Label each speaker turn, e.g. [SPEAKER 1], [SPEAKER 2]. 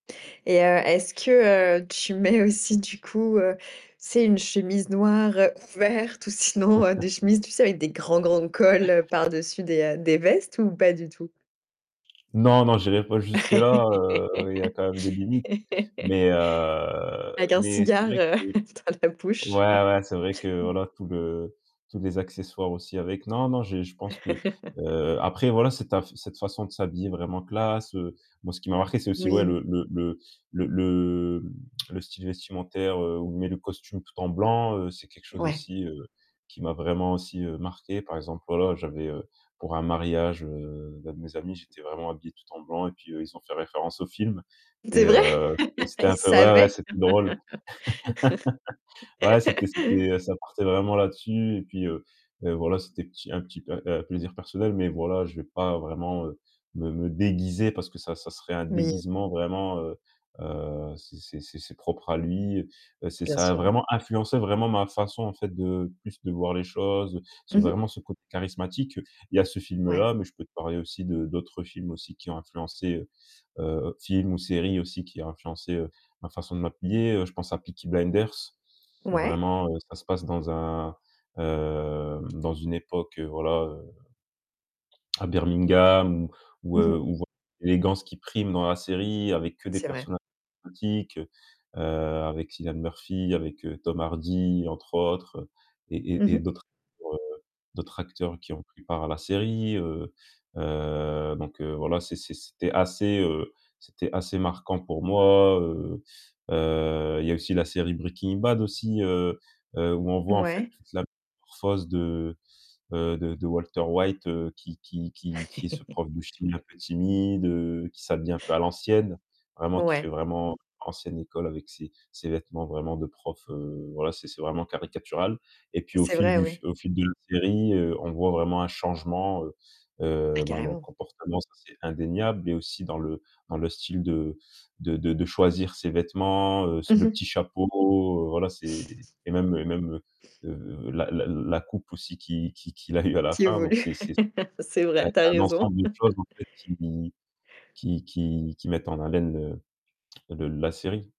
[SPEAKER 1] Et heu, est-ce que, heu, tu mets aussi du coup, heu, tu sais une chemise noire ouverte ou sinon, heu, des chemises, tu sais avec des grands grands cols par-dessus des, heu, des vestes ou pas du tout?
[SPEAKER 2] Non non, j'irai pas jusque là, heu, il y a quand même des limites, mais
[SPEAKER 1] Avec
[SPEAKER 2] heu,
[SPEAKER 1] un
[SPEAKER 2] mais c'est
[SPEAKER 1] cigare,
[SPEAKER 2] vrai que
[SPEAKER 1] heu,
[SPEAKER 2] ouais,
[SPEAKER 1] dans la bouche.
[SPEAKER 2] ouais, c'est vrai que voilà tout le tous les accessoires aussi avec, non, non, j'ai je pense que, heu, après voilà, cette af cette façon de s'habiller vraiment classe, heu, moi ce qui m'a marqué, c'est aussi ouais
[SPEAKER 1] Oui.
[SPEAKER 2] le le le le le le style vestimentaire, heu, où on met le costume tout en blanc, heu, c'est quelque chose
[SPEAKER 1] Ouais.
[SPEAKER 2] aussi, heu, qui m'a vraiment aussi, heu, marqué par exemple, voilà, j'avais, heu, pour un mariage, heu, d'un de mes amis, j'étais vraiment habillé tout en blanc et puis, heu, ils ont fait référence au film
[SPEAKER 1] C'est
[SPEAKER 2] et
[SPEAKER 1] vrai?
[SPEAKER 2] heu, c'était c'était
[SPEAKER 1] Ils
[SPEAKER 2] un peu ouais, ouais,
[SPEAKER 1] savaient.
[SPEAKER 2] c'était drôle. Ouais, c'était c'était, heu, ça partait vraiment là-dessus et puis, heu, voilà, c'était petit un petit un, heu, plaisir personnel, mais voilà, je vais pas vraiment, heu, me me déguiser parce que ça, ça serait un
[SPEAKER 1] Oui.
[SPEAKER 2] déguisement vraiment, heu heu, c'est c'est c'est c'est propre à lui. Heu, c'est
[SPEAKER 1] Bien
[SPEAKER 2] ça a
[SPEAKER 1] sûr, ouais.
[SPEAKER 2] vraiment influencé vraiment ma façon en fait de, plus de voir les choses. C'est
[SPEAKER 1] Mmh mh.
[SPEAKER 2] vraiment ce côté charismatique, il y a ce
[SPEAKER 1] Ouais.
[SPEAKER 2] film-là, mais je peux te parler aussi de d'autres films aussi qui ont influencé, heu heu, films ou série aussi qui a influencé, heu, ma façon de m'habiller, heu, je pense à Peaky Blinders, heu,
[SPEAKER 1] Ouais.
[SPEAKER 2] vraiment, heu, ça se passe dans un, heu, dans une époque, voilà, heu, à Birmingham ou ou
[SPEAKER 1] Mmh
[SPEAKER 2] heu,
[SPEAKER 1] mh.
[SPEAKER 2] on voit l'élégance qui prime dans la série avec que des
[SPEAKER 1] C'est vrai.
[SPEAKER 2] personnages exotiques, heu, avec Cillian Murphy, avec Tom Hardy, entre autres et
[SPEAKER 1] Mmh
[SPEAKER 2] et et
[SPEAKER 1] mh.
[SPEAKER 2] d'autres, heu, d'autres acteurs qui ont pris part à la série, heu heu, donc heu, voilà, c'est c'est c'était assez, heu, c'était assez marquant pour moi, heu heu, il y a aussi la série Breaking Bad aussi, heu heu, où on voit en fait
[SPEAKER 1] Mouais.
[SPEAKER 2] toute la métamorphose de, heu, de de Walter White, heu, qui qui qui qui est ce prof de chimie un peu timide, heu, qui s'habille un peu à l'ancienne, vraiment qui fait
[SPEAKER 1] Ouais.
[SPEAKER 2] vraiment ancienne école avec ses ses vêtements vraiment de profs, heu, voilà, c'est c'est vraiment caricatural et puis au
[SPEAKER 1] C'est
[SPEAKER 2] fil
[SPEAKER 1] vrai,
[SPEAKER 2] du f
[SPEAKER 1] oui.
[SPEAKER 2] au fil de la série, heu, on voit vraiment un changement, heu
[SPEAKER 1] Ah
[SPEAKER 2] heu, ben dans le
[SPEAKER 1] carrément.
[SPEAKER 2] comportement, c'est indéniable, mais aussi dans le dans le style de de de de choisir ses vêtements, heu, s
[SPEAKER 1] Mmh
[SPEAKER 2] le
[SPEAKER 1] mh.
[SPEAKER 2] petit chapeau, voilà, c'est et même et même, heu, la la la coupe aussi qui qui qu'il a eu à la
[SPEAKER 1] Qui
[SPEAKER 2] fin donc
[SPEAKER 1] évolue
[SPEAKER 2] c'est c'est
[SPEAKER 1] c'est
[SPEAKER 2] c'est un
[SPEAKER 1] vrai, tu as
[SPEAKER 2] c'est un
[SPEAKER 1] raison.
[SPEAKER 2] ensemble de choses en fait qui qui qui qui mettent en haleine le le la série.